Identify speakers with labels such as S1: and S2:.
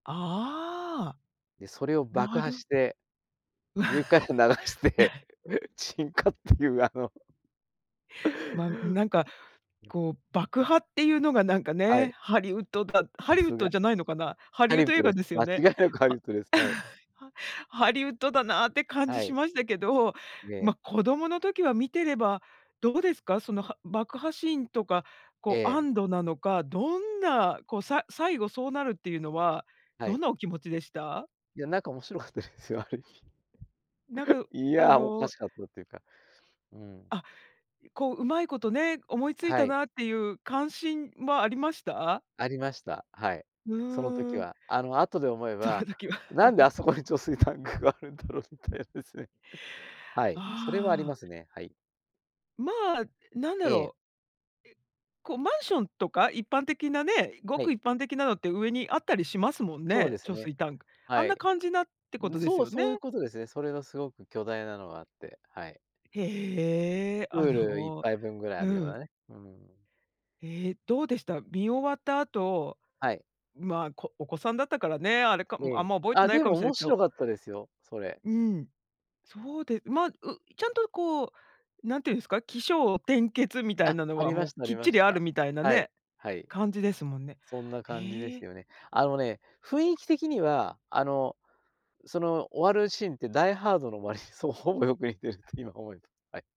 S1: ああ。
S2: で、それを爆
S1: な
S2: 破
S1: る
S2: して
S1: う
S2: 上から流して
S1: わ。
S2: 沈火っていうあの
S1: ま、うなんか
S2: うん。
S1: こう爆破っていうのがなんか
S2: は
S1: ね、
S2: い。
S1: ハリウッドだハ
S2: た
S1: リウッ
S2: す
S1: ド
S2: が。
S1: じゃないのかな。ハ
S2: ハ
S1: リウッ
S2: リウッ
S1: ド映
S2: ド
S1: 画
S2: です。
S1: ですよ
S2: 間違い
S1: ね。
S2: なくハリウ
S1: ハ
S2: ッ ドです、はい。
S1: ハハリウッドだなって感じ
S2: は
S1: し
S2: い。
S1: ましたけど、
S2: ね。
S1: ま、子供の時は見てれば、どうですか？そのは爆破シーンとか、
S2: え
S1: こう
S2: え。
S1: 安堵なのか、どんな、こうさ最後そうなるっていうのは、
S2: はい。
S1: ど
S2: う。
S1: んなお気持ちでした？
S2: いや、なんか面白かったですよ。ある意味。
S1: なんか、う
S2: い
S1: あ
S2: や、おか
S1: の
S2: しかったっていうか。うん。
S1: あ、いこう、うまいことね、思いつい
S2: は
S1: た
S2: い。
S1: なっていう関心はありました？
S2: ありました。はい、
S1: う
S2: その時
S1: ーん。
S2: は。あの後で思え
S1: その
S2: ば、
S1: 時は。
S2: なんで あそこに貯水タンクがあるんだろうみたいなですね。はい、それはあり
S1: ああ。
S2: ますね、はい。
S1: まあ、なんだ
S2: え
S1: ろう。え、
S2: え。
S1: うこうマンションとか、一般的なね、いご
S2: は
S1: く
S2: い。
S1: 一般的なのって上にあったりしますもん
S2: そう
S1: ね、
S2: です
S1: 貯
S2: ね。
S1: 水タンク。あ
S2: は
S1: んな
S2: い。
S1: 感じなってこ
S2: うん、
S1: とで
S2: そ
S1: す
S2: う、
S1: よね。
S2: そういうことですね、それがすごく巨大なのがあって、はい。
S1: へえ、
S2: プ
S1: あ
S2: ールいっ
S1: の
S2: ぱいぶんぐらいあ
S1: う
S2: るよう
S1: ん。
S2: なね、うーん。
S1: へえ、どうでした？見終わった後、
S2: はい。
S1: まあ、こお子さんだったからね、あれか、あん
S2: で
S1: ま覚えて
S2: あ、
S1: ない
S2: で
S1: か
S2: も
S1: もしれない
S2: 面
S1: けど。
S2: 白かったですよ、それ。
S1: うん、そうでま、うちゃんとこう、何て言うんすか、起承転結みたい
S2: あ、
S1: なの
S2: あ
S1: は
S2: りま
S1: も
S2: し
S1: う、
S2: た、あ
S1: き
S2: り
S1: っ
S2: ま
S1: ち
S2: し
S1: りある
S2: た。
S1: みたいな
S2: はい、
S1: ね、
S2: はい。
S1: 感じですもんね。
S2: そんな感じで
S1: へ
S2: す
S1: え。
S2: よね。あのね、雰囲気的にはあの、その終わるシーンってダイハードの終わりにそう、ほぼよく似てるって今思うとはい。